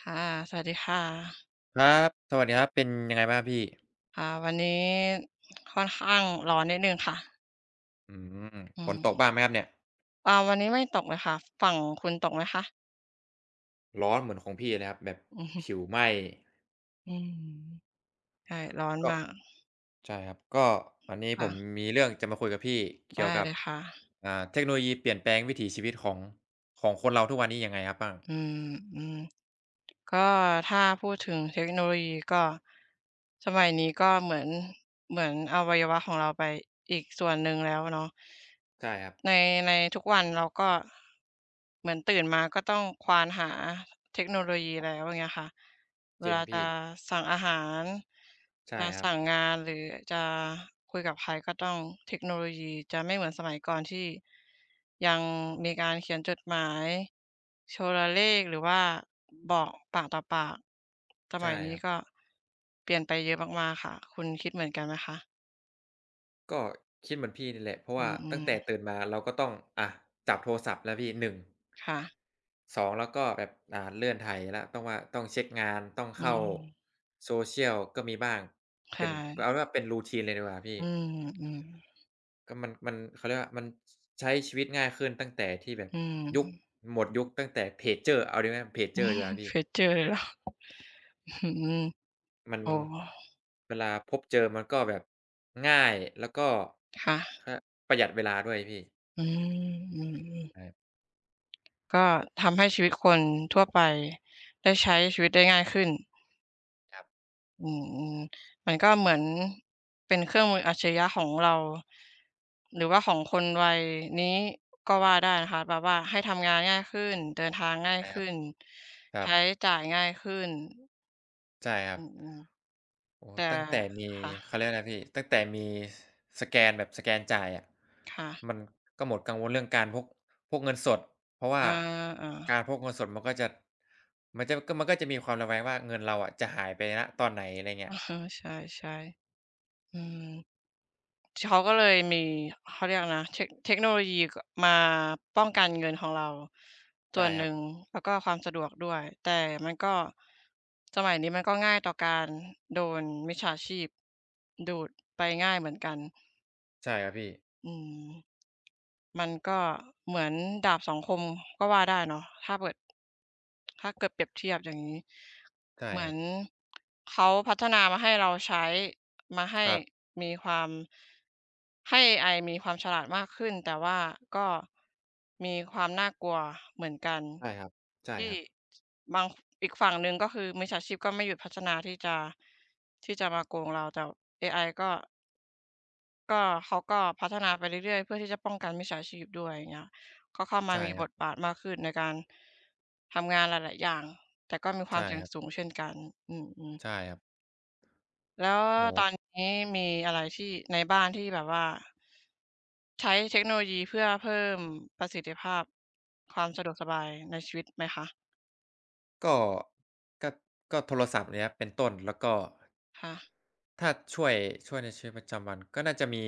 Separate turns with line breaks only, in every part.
ค่ะ สวัสดีค่ะ
ครับ สวัสดีครับ เป็นยังไงบ้างครับพี่?
ค่ะ วันนี้ ค่อนข้างร้อนนิดหนึ่งค่ะ
อืม อืม
อื
ฝนต
ม
กบ้างไหมครับเนี่ย?
อ่า วันนี้ไม่ตกเลยค่ะ ฝั่งคุณตกไหมคะ?
ร้อนเหมือนของพี่นะครับ แบบ
อือฮึ
ผิวไหม้
อืม ใช่ ร้อน
ก็
มาก
ใช่ครับ ก็วันนี้
ค
ผ
่
ม
ะ
มีเรื่องจะมาคุยกับพี่เ
ไ
ก
ด
ี่ยว
้
กั
เ
บ
ลยค่ะ
อ่า เทคโนโลยีเปลี่ยนแปลงวิถีชีวิตของ ของคนเราทุกวันนี้ยังไงครับ บ้าง?
อืม ก็ถ้าพูดถึงเทคโนโลยีก็ สมัยนี้ก็เหมือน เหมือนอวัยวะของเราไปอีกส่วนหนึ่งแล้วเนาะ
ใช่ครับ
ใน ในทุกวัน เราก็เหมือนตื่นมาก็ต้องควานหาเทคโนโลยีแล้ว อย่างเงี้ยค่ะ เว
จริง
ลา
พ
จ
ี
ะ
่
สั่งอาหาร
ใช่
จะ
ครั
ส
บ
ั่งงาน หรือจะคุยกับใคร ก็ต้องเทคโนโลยี จะไม่เหมือนสมัยก่อน ที่ยังมีการเขียนจดหมาย โทรเลข หรือว่าบอกปากต่อปาก ส
ใช
ม
่
ัยนี
คร
้
ับ
ก็เปลี่ยนไปเยอะมาก ๆ ค่ะ คุณคิดเหมือนกันไหมคะ?
ก็คิดเหมือนพี่นี่แหละ เพราะ
อ
ว
ื
่า
อ อื
ตั้
ม
งแต่ตื่นมาเราก็ต้อง อะ จับโทรศัพท์แล้วพี่ 1
ค่ะ
2 แล้วก็แบบ อ่า เลื่อนไถแล้ว ต้องว่า ต้องเช็คงาน ต้อง
อื
เข้า
ม
social ก็มีบ้าง
ค
เป
่
็น
ะ
เอาเป็นว่าเป็น routine เลยดีกว่าพี่
อืม ๆ
ก็มัน มัน เขาเรียกว่า มันใช้ชีวิตง่ายขึ้น ตั้งแต่ที่แบบ
อืม
ยุค
อ
หมดยุคตั้งแต่เพจเจอร์ เอาดีไหม? เพจเจอร์ดีกว่าพี
เค
่
ยเจอเหรอ? อือฮึ
มัน
อ๋อ
เวลาพบเจอมันก็แบบ ง่าย แล้วก็
ค่ะ
คะ ประหยัดเวลาด้วยพี่
อืม อืม ๆ
[unintelligible]
ก็ทำให้ชีวิตคนทั่วไปได้ใช้ชีวิตได้ง่ายขึ้น
ครับ
อือ ๆ มันก็เหมือน เป็นเครื่องมืออัจฉริยะของเรา หรือว่าของคนวัย นี้ ก็ว่าได้ นะคะ แบบว่าให้ทำงานง่ายขึ้น เดินทางง่าย
ใช่
ข
คร
ึ
ั
้
บ
น
ครั
ใช้
บ
จ่ายง่ายขึ้น
ใช่ครั
อื
บ
อ
อ๋อ
ๆ แต่
ตั้งแต่มี
ค่ะ
เขาเรียกอะไรนะพี่ ตั้งแต่มี ส สแกนแบบ สแกนจ่ายอะ
ค่ะ
มันก็หมดกังวลเรื่องการพก พกเงินสด เพราะว่า
อา
ก
ๆ
ารพกเงินสด มันก็จะ มันจะ ม ก็ มันก็จะมีความระแวงว่า เงินเราอะจะหายไป ณ ตอนไหน อะไรเงี
เอ
้ย
อ ใช่ ๆ อืม ช ก็เลยมี เขาเรียกอะไรนะ เทค เทคโนโลยี ก มาป้องกันเงินของเรา
ใ
ส
ช
่
่
วนห
ค
น
ร
ึ
ั
่
บ
ง แล้วก็ความสะดวกด้วย แต่มันก็ สมัยนี้มันก็ง่ายต่อการโดนมิจฉาชีพดูด ไปง่ายเหมือนกัน
ใช่ครับพี่
อืม มันก็เหมือนดาบสองคมก็ว่าได้เนาะ ถ้าเกิด ถ้าเกิดเปรียบเทียบอย่างงี้
ใช่
เหมื
ค
อ
รั
น
บ
เขาพัฒนามาให้เราใช้มาให้
ครับ
มีความ ให้เอไอมีความฉลาดมากขึ้น แต่ว่าก็มีความน่ากลัวเหมือนกัน
ใช่ครับ ใช่
ที่
ครับ
บาง อีกฝั่งหนึ่ง ก็คือมิจฉาชีพก็ไม่หยุดพัฒนาที่จะ ที่จะมาโกงเรา แต่เอไอก็ ก็เขาก็พัฒนาไปเรื่อย ๆ เพื่อที่จะป้องกันมิจฉาชีพด้วยอย่างเงี้ย ก็เข้าม
ใ
า
ช่
มี
ค
บ
รับ
ทบาทมากขึ้นในการทำงานหลาย ๆ อย่าง แต่ก็มีค
ใ
ว
ช
าม
่
เสี่ย
ค
ง
รับ
สูงเช่นกัน อืม ๆ
ใช่ครับ
แล้ว
โอ้โ
ตอ
ฮ
นนี้มีอะไรที่ใน บ้านที่แบบว่า ใช้เทคโนโลยีเพื่อเพิ่มประสิทธิภาพความสะดวกสบายในชีวิต ไหมคะ?
ก็ ก็ ก็โทรศัพท์เนี่ยครับ เป็นต้น แล้วก็
ค่ะ
ถ้าช่วย ช่วยในชีวิตประจำวัน ก็น่าจะมี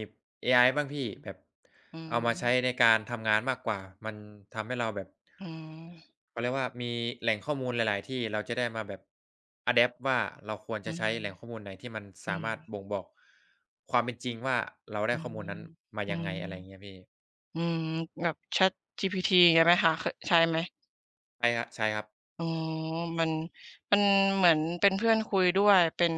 เอไอบ้างพี่แบบ
อื
เอามาใช้
ม
ในการทำงานมากกว่า มันทำให้เราแบบ
อืม
เขาเรียกว่ามีแหล่งข้อมูลหลาย ๆ ที่เราจะได้มาแบบ อะแดปต์ ว่า เราควร
อ
จ
ื
ะใช
ม
้แหล่งข้อมูลไหน ที่มัน
อ
ส
ื
ามารถ
ม
บ่งบอกความเป็นจริงว่า เราได้
อื
ข้อ
ม
มูลนั้นมา
อื
ยังไง
ม
อะไรอย่างเงี้ยพี่
อืม แบบ ChatGPT งี้ไหมคะ ค ใช้ไหม?
ใช่ครับ ๆ
อ๋อ มัน มันเหมือนเป็นเพื่อนคุยด้วย เป็น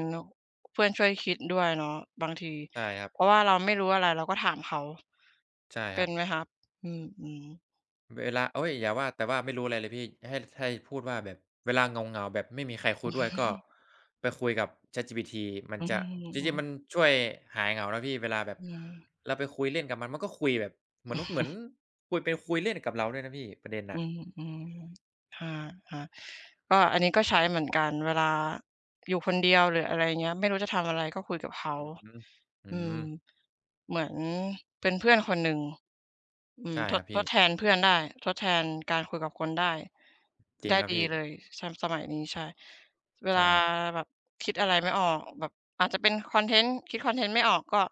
เพื่อนช่วยคิดด้วยเนาะบางที
ใช่ครับ
เพราะว่าเราไม่รู้อะไร เราก็ถามเขา
ใช่
เป
ค
็
รั
น
บ
ไหมคะ? อืม ๆ
เวลา เฮ้ย อย่าว่า แต่ว่าไม่รู้อะไรเลยพี่ให้ ให้พูดว่าแบบเวลาเหงา ๆ แบบไม่มีใครคุยด้วยก็ไปคุยกับ ChatGPT มั
อ
น
ื
จะ
ม
จ
อื
ริง
อ
ๆ มันช่วยหายเหงานะพี่ เวลาแบบ
อืม
เราไปคุยเล่นกับมัน ๆ ก็คุยแบบเหมือน เหมือนคุยไปคุยเล่นกับเราด้วยนะพี่ประเด็น
อ
อ
ื
ะ
ม ๆ อา ๆ ก็อันนี้ก็ใช้เหมือนกันเวลา อยู่คนเดียวหรือ อะไรอย่างเงี้ย ไม่รู้จะทำอะไรก็คุยกับเขา
อือฮึ อื
อืม
ม
เหมือนเป็นเพื่อนคนหนึ่ง อื
ใ
ม
ช่
ท
คร
ด
ับพ
ท
ี่
ดแทนเพื่อนได้ ทดแทนการคุยกับคนได้
จร
ไ
ิ
ด
ง
้
ครับ
ดี
พี่
เลย ส สมัยนี้ ใช่ เว
ใช
ล
่
า
ครับ
แบบคิดอะไรไม่ออก แบบ อาจจะเป็นคอนเทนต์ คิดคอนเทนต์ไม่ออกก็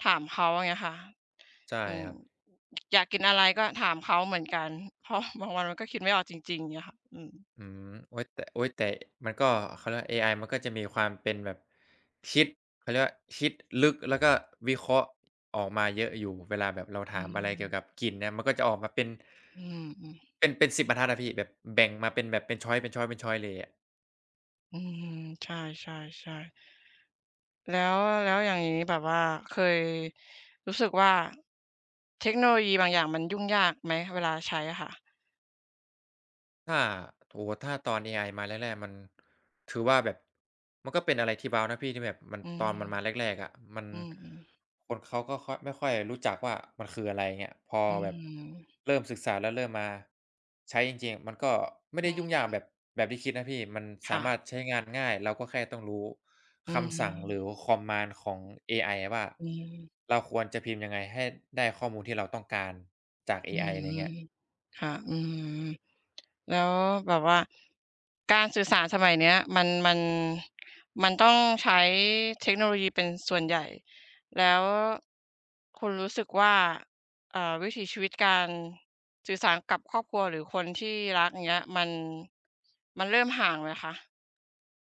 ถามเขาอย่างเงี้ยค่ะ
ใช่
อืม
ครับ
อยากกินอะไรก็ถามเขาเหมือนกัน เพราะบางวันมันก็คิดไม่ออกจริง ๆ เงี้ยค่ะ อืม
อืม โอ๊ยแต่ โอ๊ยแต่มันก็เขาเรียกว่าเอไอ มันก็จะมีความเป็นแบบ คิด เขาเรียกว่าคิดลึก แล้วก็วิเคราะห์ ออกมาเยอะอยู่ เวลาแบบเรา
อ
ถ
ื
ามอะไรเกี่ย
ม
วกับกลิ่นเนี่ย มันก็จะออกมาเป็น
อืม อืม
เป็น เป็น 10 บรรทัดอะพี่ แบบแบ่งมาเป็นแบบเป็น ชอยซ์ เป็น ชอยซ์ เป็น ชอยซ์ เลยอะ
อืม ใช่ ๆ ๆ แล้ว แล้วอย่างงี้แบบว่าเคยรู้สึกว่า เทคโนโลยีบางอย่างมันยุ่งยากไหมเวลาใช้อะค่ะ?
ถ้า โอ้โฮ ถ้าตอนเอไอมาแรก ๆ มัน คือว่าแบบมันก็เป็นอะไรที่เบานะพี่ ที่แบบมัน
อื
ต
ม
อนมันมาแรก ๆ อะมัน
อืม ๆ
คนเขาก็ค่อย ไม่ค่อยรู้จักว่า มันคือ อะไรเงี้ย พอ
อือ
แบ
ฮ
บ
ึ
เริ่มศึกษา แล้วเริ่มมาใช้จริง ๆ อะ มันก็ไม่ไ
อื
ด้ยุ่งยากแบ
ม
บ แบบที่คิดนะพี่ มัน
ค
สา
่
ม
ะ
ารถใช้งานง่าย เราก็แค่ต้องรู้
อื
คำสั่งหรื
ม
อ Command ของเอไอว่า
อืม
เราควรจะพิมพ์ยังไงให้ได้ข้อมูลที่เราต้องการจากเ
อ
อ
ื
ไอ อะไรอย่างเงี้
ม
ย
ๆ ค่ะ อืม ๆ แล้วแบบว่าการสื่อสารสมัยนี้มัน มัน มันต้องใช้เทคโนโลยีเป็นส่วนใหญ่ แล้วคุณรู้สึกว่า เอ่อ วิถีชีวิตการสื่อสารกับครอบครัว หรือคนที่รัก อย่างเงี้ย มัน มันเริ่มห่างไหมคะ?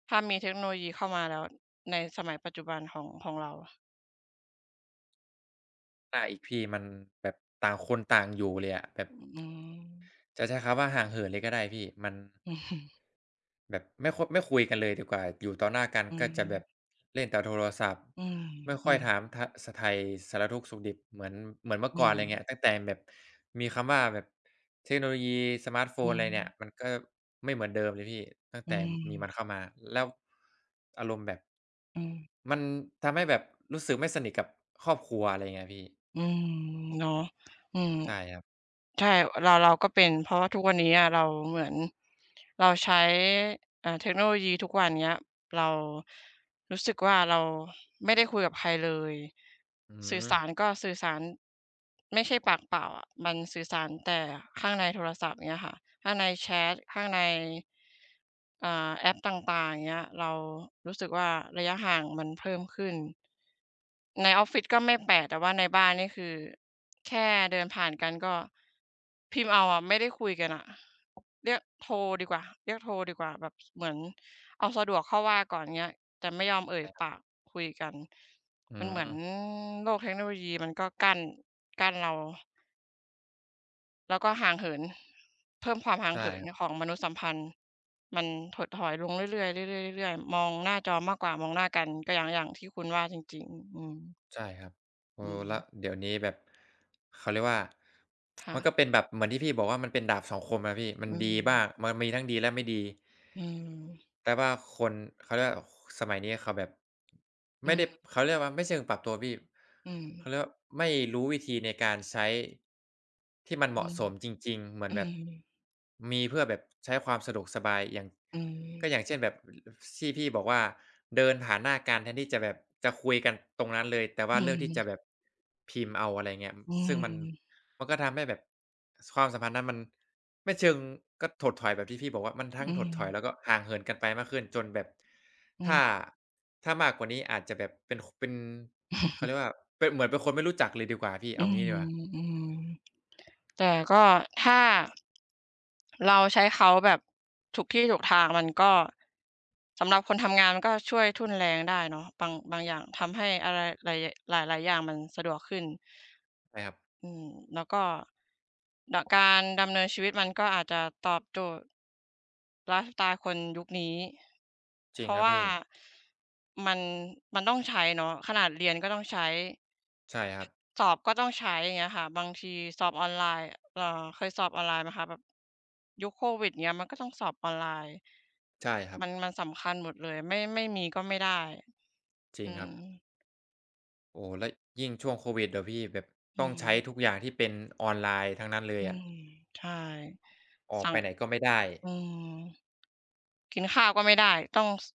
ถ้ามีเทคโนโลยีเข้ามาแล้ว ในสมัยปัจจุบันของ ของเราอะ
ได้อีกพี่มันแบบต่างคนต่างอยู่เลยอะ แบบ
อือ อืม
จะใช้คำว่าห่างเหินเลยก็ได้พี่ มัน แบบ ไม่ ค ไม่คุยกันเลยดีกว่า อยู่ต่อหน้ากัน
อื
ก็จะแบบ
ม
เล่นแต่โทรศัพท์
อืม
ไม่ค
อ
่
ื
อย
ม
ถามถะ สะ ไถ่สารทุกข์สุขดิบ เหมือน เหมือนเมื่อ
อื
ก่อน อะไรอย่างเนี
ม
้ย ตั้งแต่แบบมีคำว่าแบบเทคโนโลยี สมาร์ตโฟ
อื
น อะไรเนี่ย
ม
มันก็ไม่เหมือนเดิมเลยพี่ ตั้ง
อ
แ
ื
ต่มีมั
ม
นเข้ามา แล้วอารมณ์แบบ
อืม
มันทำให้แบบรู้สึกไม่สนิทกับครอบครัว อะไรอย่างเงี้ยพี่
อืม เนาะ อืม
ใช่ครับ
ใช่ เรา เราก็เป็น เพราะว่าทุกวันนี้เราเหมือน เราใช้ อา เทคโนโลยีทุกวันเนี้ย เรารู้สึกว่า เราไม่ได้คุยกับใครเลย
อื
สื่อส
ม
ารก็สื่อสารไม่ใช่ปากเปล่าอะ มันสื่อสารแต่ข้างในโทรศัพท์ อย่างเงี้ยค่ะ ข้างในแชต ข้างใน อ่า แอปต่าง ๆ อย่างเงี้ย เรารู้สึกว่า ระยะห่างมันเพิ่มขึ้น ในออฟฟิศก็ไม่แปลก แต่ว่าในบ้านนี่ คือแค่ เดินผ่านกันก็พิมพ์เอาอะ ไม่ได้คุยกันน่ะ เรียกโทรดีกว่า เรียกโทรดีกว่าแบบเหมือนเอาสะดวกเข้าว่าก่อนเงี้ย แต่ไม่ยอมเอ่
ใ
ย
ช่ครับ
ปากคุยกัน
อื
มันเหมือน
ม
โลกเทคโนโลยีมันก็กั้น กั้นเรา แล้วก็ห่างเหิน เพิ่มความห่า
ใ
ง
ช่
เหิน
คร
ใ
ับ
นของมนุษย์สัมพันธ์ มันถดถอยลงเรื่อย ๆ ๆ ๆ ๆ ๆ มองหน้าจอมากกว่ามองหน้ากัน ก็อย่าง อย่างที่คุณว่าจริง ๆ อืม
ใช่ครับ เอ
อื
อ แล้
ม
วเดี๋ยวนี้แบบ เขาเรียกว่า
ค่
มัน
ะ
ก็เป็นแบบเหมือนที่พี่บอกว่า มันเป็นดาบสองคมอะพี่ ม
อ
ัน
ื
ดีบ้
ม
าง มันมีทั้งดีและไม่ดี
อืม
แต่ว่าคน เขาเรียกว่า สมัยนี้เขาแบบ
อ
ไม
ื
่ได้
ม
เขาเรียกว่า ไม่เชิงปรับตัวพี่
อื
เข
ม
าเรียกว่า ไม่รู้วิธีในการใช้ ที่มันเ
อ
ห
ื
มาะ
ม
สมจริง ๆ เหมือ
อ
น
ื
แบบ
ม
มีเพื่อแบบใช้ความสะดวกสบาย อย่าง
อือฮ
ก็
ึ
อย่างเช่นแบบที่พี่บอกว่า เดินผ่านหน้ากันแทนที่จะแบบจะคุยกันตรงนั้นเลย แต่ว
อ
่
ื
าเลือกที่
ม
จะแบบพิมพ์เอา อะไรอย่างเงี้ย
อื
ซึ่งมัน
ม
มันก็ทำให้แบบความสัมพันธ์นั้นมัน ไม่เชิง ก็ถดถอยแบบที่พี่บอกว่า มันทั
อ
้ง
ื
ถดถอ
ม
ย แล้วก็ห่างเหินกันไปมากขึ้น จนแบบ
อื
ถ้า
ม
ถ้ามากกว่านี้ อาจจะแบบเป็น เป็น เขาเรียกว่า ป เหมือนเป็นคนไม่รู้จักเลยดีกว่าพี่
อ
เ
ื
อางี้ดีกว่า
ม ๆ แต่ก็ถ้าเราใช้เขาแบบถูกที่ถูกทาง มันก็ สำหรับคนทำงาน มันก็ช่วยทุ่นแรงได้เนาะ บาง บางอย่างทำให้อะไร ล หลาย ๆ อย่างมันสะดวกขึ้น
ใช่ครับ
อืม แล้วก็ ด การดำเนินชีวิต มันก็อาจจะตอบโจทย์ไลฟ์สไตล์คนยุคนี้
จ
เ
ริ
พ
ง
รา
ค
ะ
รั
ว
บ
่
พ
า
ี่
มัน มันต้องใช้เนาะ ขนาดเรียนก็ต้องใช้
ใช่ครับ
สอบก็ต้องใช้ อย่างเงี้ยค่ะ บางทีสอบออนไลน์ เอ่อ เคยสอบออนไลน์ไหมคะแบบ ยุคโควิดอย่างเงี้ย มันก็ต้องสอบออนไลน์
ใช่ครั
ม
บ
ัน มันสำคัญหมดเลย ไม่ ไม่มีก็ไม่ได้
จร
อ
ิ
ื
งครับ
ม
โอ้โฮ แล้วยิ่งช่วงโควิดอะพี่แบบ
อื
ต้องใช้
ม
ทุกอย่าง ที่เป็นออนไลน์ทั้งนั้นเล
อ
ย
ื
อะ
ม ใช่
ออ
ส
ก
ั่
ไป
ง
ไหนก็ไม่ได้
อืม กินข้าวก็ไม่ได้ต้อง ซ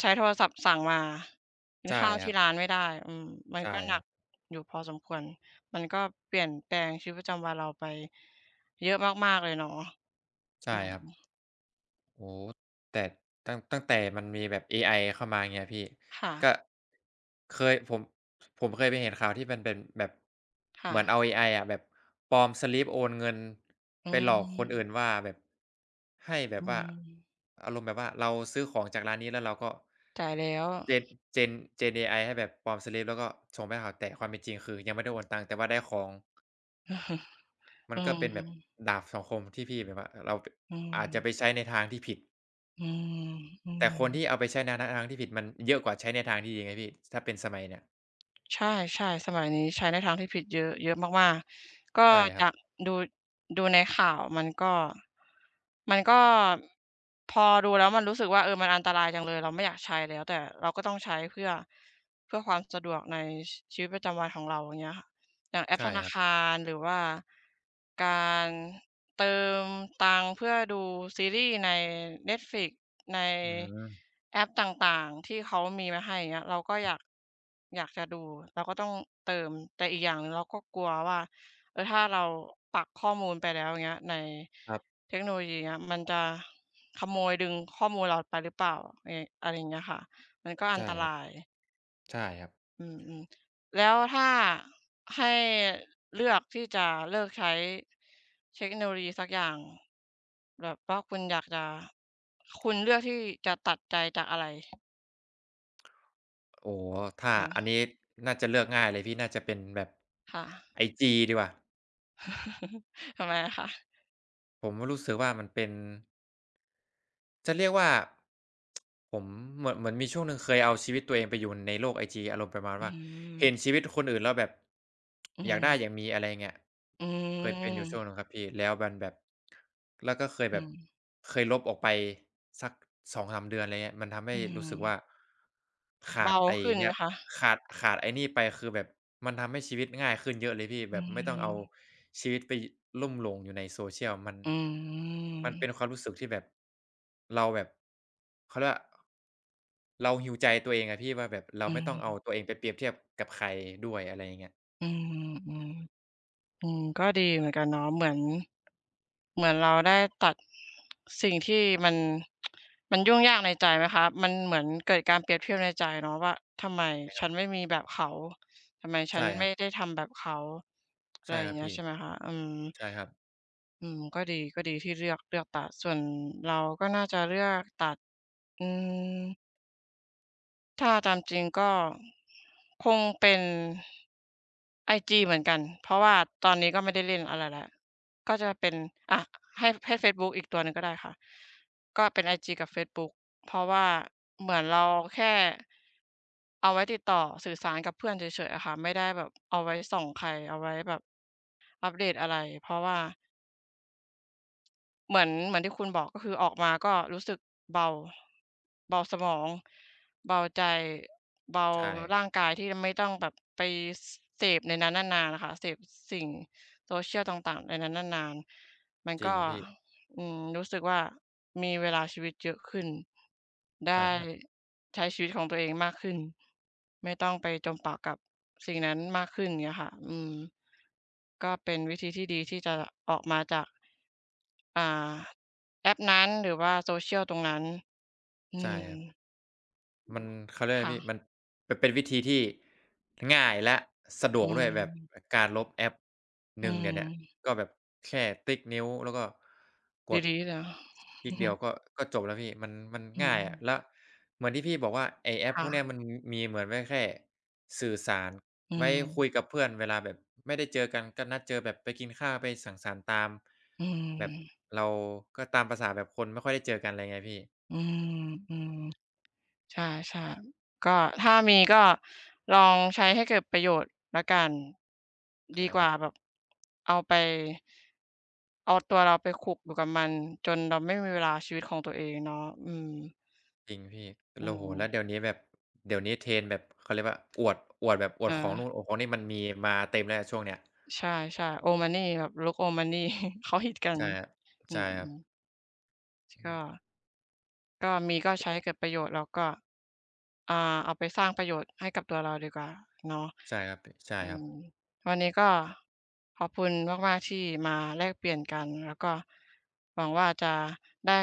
ใช้โทรศัพท์สั่งมา กิน
ใช่
ข้าวท
คร
ี่
ับ
ร้านไม่ได้ อืม มัน
ใช
ก็หนั
่
ก อยู่พอสมควร มันก็เปลี่ยนแปลงชีวิตประจำวันเราไปเยอะมาก ๆ เลยเนาะ
ใช
อ
่
ืม
ครับ โอ้โฮ แต่ตั้ง ตั้งแต่ มันมีแบบเอไอเข้ามาเงี้ยพี่
ค่
ก
ะ
็ เคยผม ผมเคยไปเห็นข่าว ที่มันเป็นแบบ
ค่
เหมือนเอ
ะ
าเอไออะแบบปลอมสลิปโอนเงิน
อื
ไปหลอกคนอื่
ม
นว่าแบบ ให้แบ
อื
บว่า
ม
อารมณ์แบบว่า เราซื้อของจากร้านนี้แล้วเราก็
จ่ายแล้ว
gen gen gen เอไอให้แบบปลอมสลิป แล้วก็ส่งไปให้เขา แต่ความเป็นจริง คือยังไม่ได้โอนตังค์ แต่ว่าได้ของ
อือฮึ
มั
อ
น
ื
ก็เป็นแบบ
ม
ดาบสองคมที่พี่แบบว่าเราไป
อื
อาจจะไ
ม
ปใช้ในทางที่ผิด
อื
แต่
ม
คน
ๆ
ที่เอาไปใช้ในทาง ทางที่ผิดมันเยอะกว่า ใช้ในทางที่ดีไงพี่ ถ้าเป็นสมัยเนี้ย
ใช่ ๆ สมัยนี้ใช้ ในทางที่ผิดเยอะ เยอะมาก ๆ ก็
ใช่ครั
จ
บ
ากดู ดูในข่าวมันก็ มันก็พอดูแล้ว มันรู้สึกว่า เออ มันอันตรายจังเลย เราไม่อยากใช้แล้ว แต่เราก็ต้องใช้เพื่อ เพื่อความสะดวกใน ช ชีวิตประจำวันของเรา อย่างเงี้ยค่ะ อย่างแอ
ใช
ป
่
ธน
ค
า
รับ
คาร หรือว่าการเติมตังค์ เพื่อดูซีรีส์ใน Netflix ใน
อืม
แอปต่าง ๆ ที่เขามีมาให้ อย่างเงี้ย เราก็อยาก อยากจะดู เราก็ต้องเติม แต่อีกอย่างหนึ่ง เราก็กลัวว่า เออ ถ้าเราปักข้อมูลไปแล้ว อย่างเงี้ย ใน
ครับ
เทคโนโลยีเงี้ย มันจะขโมยดึงข้อมูลเราไปหรือเปล่า ไร อะไรอย่างเงี้ยค่ะ มันก็อ
ใช
ั
่
นต
ค
ร
รับ
าย
ใช่ครับ
อืม ๆ แล้วถ้าให้เลือก ที่จะเลิกใช้เทคโนโลยีสักอย่างแบบว่า คุณอยากจะ คุณเลือกที่จะตัดใจจากอะไร?
โอ้โฮ ถ้า
อื
อัน
ม
นี้น่าจะเลือกง่ายเลยพี่ น่าจะเป็นแบบ
ค่ะ
IG ดีกว่า
ทำไมอะคะ?
ผมก็รู้สึกว่า มันเป็น จะเรียกว่า ผมเหมือน เหมือนมีช่วงหนึ่งเคยเอาชีวิตตัวเองไปอยู่ในโลก IG อารมณ์ประมาณ
อื้
ว
อ
่า
ฮื
เห็น
อ
ชีวิตคนอื่นแล้วแบบ
อื้อ
อ
ฮ
ย
ื
ากได้อย
อ
ากมี อะไรเงี้ย
อื
เคยเป็นอยู่ช่วงหนึ
ม
่งครับพี่ แล้วมันแบบ แล้วก็เคย
อื
แบบ
ม
เคยลบออกไปสัก 2-3 เดือน อะไรงี้ มันทำให
อ
้
ื้อฮ
รู
ื
้สึกว่า
อ
ข
เบ
าด
า
ไอ้
ขึ้น
เนี
ไ
่
หม
ย
คะ?
ขาด ขาดไอ้นี่ไป คือแบบมันทำให้ชีวิตง่ายขึ้น เยอะเลยพี่
อ
แ
ื
บบไม่ต้องเอา
ม
ชีวิตไปลุ่มหลงอยู่ในโซเชียล มัน
อื
มันเป
ม
็นความรู้สึกที่แบบ เราแบบ เขาเรียกว่า เรา heal ใจตัวเองอะพี่ว่า แบบเรา
อื
ไม่ต้องเอา
ม
ตัวเองไปเปรียบเทียบกับใครด้วย อะไรอย่างเงี้ย
อือฮึ อืม อือ ก็ดีเหมือนกันเนาะ เหมือน- เหมือนเราได้ตัด สิ่งที่มัน มันยุ่งยากในใจไหมคะ? มันเหมือนเกิดการเปรียบเทียบในใจเนาะว่า ทำไม
ใช่คร
ฉ
ับ
ันไม่มีแบบเขา? ทำไมฉ
ใช
ั
่
น
ค
ไ
ร
ม
ั
่
บ
ได้ทำแบบเขา? อ
ใ
ะ
ช
ไร
่
อย่
คร
า
ั
ง
บ
เงี
พ
้ย
ี่
ใช่ไหมคะ? อืม
ใช่ครับ
อืม ก็ดี ก็ดีที่เลือก เลือกตัด ส่วนเราก็น่าจะเลือกตัด อืม ถ้าตามจริงก็ คงเป็นไอจีเหมือนกัน เพราะว่าตอนนี้ก็ไม่ได้เล่นอะไรแล้ว ก็จะเป็น อา ให้ ให้เฟซบุ๊กอีกตัวหนึ่งก็ได้ค่ะ ก็เป็นไอจีกับเฟซบุ๊ก เพราะว่าเหมือนเราแค่เอาไว้ติดต่อสื่อสารกับเพื่อนเฉย ๆ อะค่ะ ไม่ได้แบบ เอาไว้ส่องใคร เอาไว้แบบอัปเดตอะไร เพราะว่า เหมือน เหมือนที่คุณบอก ก็คือออกมาก็รู้สึกเบา เบาสมอง เบาใจ เบา
ใช่
ร่างกายที่ไม่ต้องแบบไป เสพในนั้นนาน ๆ ค่ะ เสพ ส สิ่ง Social ต่าง ๆ ในนั้นนาน ๆ มัน
จร
ก
ิ
็
ง พี่
อืม รู้สึกว่า มีเวลาชีวิตเยอะขึ้น ได
ใช่
้
ครับ
ใช้ชีวิตของตัวเองมากขึ้น ไม่ต้องไปจมปลักกับสิ่งนั้นมากขึ้น อย่างเงี้ยค่ะ อืม ก็เป็นวิธีที่ดีที่จะออกมาจาก อ่า แอปนั้นหรือว่า Social ตรงนั้น อื
ใช่
ม
ครับ มัน เขาเรียก
ค
อะไร
่
พี่
ะ
มันเป็น เป็นวิธีที่ง่ายและสะด
อ
ว
ื
กด้วยอะ แบบ
ม
การลบแอป
อ
ห
ื
นึ่งเดี๋ยวเนี้ย
ม
ก็แบบแค่ติ๊กนิ้ว แล้วก็กด
ดี ๆ เหรอ
ติ๊กเดียวก็ ก็จบแล้วพี่มัน มัน
อื
ง่ายอะ
ม
แล้วเหมือนที่พี่บอกว่าไอ้แอ
ค
ป
่
พวกนี้
ะ
มันมีเหมือนไว้แค่สื่อสาร
อื
ไว้
ม
คุยกับเพื่อนเวลาแบบไม่ได้เจอกัน ก็นัดเจอแบบไปกินข้าว ไปสังสรรค์ตาม
อื
แบบ
ม
เราก็ตามภาษาแบบคนไม่ค่อยได้เจอกัน อะไรเงี้ยพี่
อืม ๆ ใช่ ๆ ก็ถ้ามีก็ลองใช้ให้เกิดประโยชน์แล้วกัน
ใ
ด
ช
ี
่
ก
ค
ว
ร
่
ั
า
บ
แบบ เอาไป เอาตัวเราไปขลุกอยู่กับมันจนเราไม่มีเวลาชีวิตของตัวเองเนาะ อืม
จริงพี่
อื
เรา โอ้โฮ แล้
ม
วเดี๋ยวนี้แบบ เดี๋ยวนี้เทร็นด์แบบเขาเรียกว่าอวด อวดแบบอว
เ
ดของนู
ออ
่น อวดของนี่ มันมีมาเต็มแล้วช่วงนี้
ใช่ ๆ old money แบบลุก old money เขาฮิตกั
ใ
น
ช่ครับ
อื
ใช่ครับ
ม ๆ
อ
ก
ืม
็ ก็มีก็ใช้ให้เกิดประโยชน์ แล้วก็ อ่า เอาไปสร้างประโยชน์ให้กับตัวเราดีกว่า เนาะ
ใช่ครับ บะ ใช่
อื
ครับ
ม วันนี้ก็ขอบคุณมาก ๆ ที่มาแลกเปลี่ยนกัน แล้วก็หวังว่า จะได้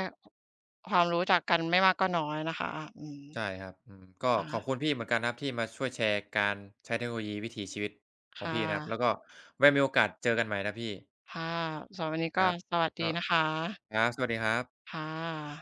ความรู้จากกันไม่มากก็น้อยนะคะ อืม
ใช่ครับ อืม ก็
ค่
ขอบ
ะ
คุณพี่เหมือนกันครับ ที่มาช่วยแชร์การใช้เทคโนโลยีวิถีชีวิตข
ค
อง
่
พี่นะครับ แ
ะ
ล้วก็ไว้มีโอกาสเจอกันใหม่นะพี่
ค่ะ สำหรับวันนี้ ก
คร
็
ับ
สวัสดี
ก็
นะคะ
ครับ สวัสดีครับ
ค่ะ